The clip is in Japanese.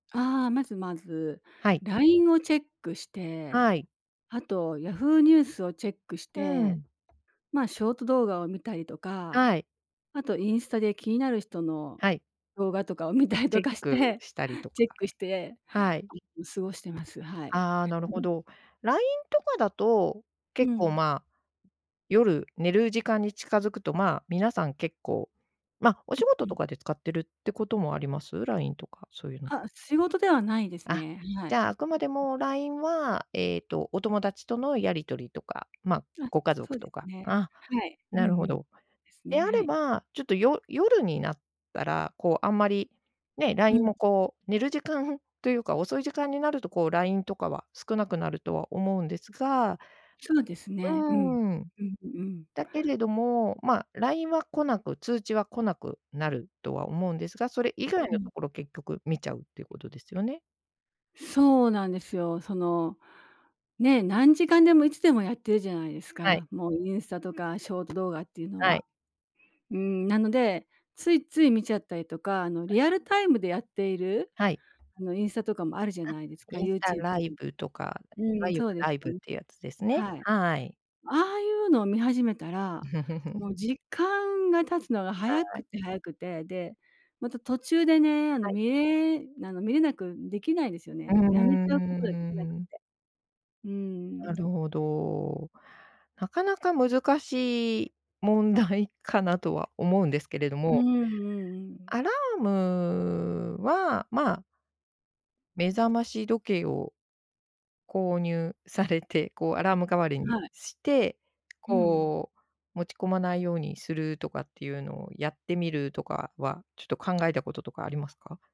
ああ、まずまずはい。ラインをチェックして、はい。あとヤフーニュースをチェックしうて、ん。まあ、ショート動画を見たりとか、はい。あとインスタで気になる人のはい。動画とかを見たりチとェッかしクて、したりとチェか、ックして、はい。いつも過ごしてます、はい。ああ、なるほど。ラインとかだと、結う構ん。まあ夜寝る時間に近づくとまあ皆さん結構、まおう、仕事うとん。かで使ってるってこともあります？ラインとかそういうの。あ、仕事ではないですあ、ね。はじい。うん、ゃああくまでうん。もラインはえっとお友達とのやり取りとか、まああ、ご家そ族うでとすか、ね。あ、はい。うんなうるほん。でど。すでね。あはれい。うん。ば、ちょっとよ夜になったら、こうあんまりね、ラうインん。もこう寝る時間というか、遅い時間になるとこうラインとかは少なくなるとは思うんですがそうですね。うん。うーん。うん、うんうん。だけれども、まあラインは来なく通知は来なくなるとは思うんですが、それ以外うのん。ところ結局見ちゃうっていうことですよね。そうなんですよ。そのね、何時間でもいつでもやってるじゃないですはい。か。もうインスタとかショート動画っていうのはい。は。うーん、なので、ついつい見ちゃったりとか、あのはい。リアルタイムでやっているはい。あのインスタとかもあるじゃあ、ないですか、インユスータチューラブイとか。ブとか、ういわん、ゆるそうですライブよっね。ていうやつですね。はい。はい。ああいうのを見始めたら、もう時間が経つのが早はくい。て早くて、で、また途中でね、あのはい。見れ見れなくできないですようね。ーもうやめちゃうことができなくて。ん。うなるん。ほど。なかなか難しい問題 かなとは思うんですけれどうんも。うんうんうん。アラームは、まあ目覚まし時計を、購入されて、こうアラーム代わりにはい。して、うん。こう持ち込まないようにするとかっていうのをやってみるとかは、ちょっと考えたこととかありますか？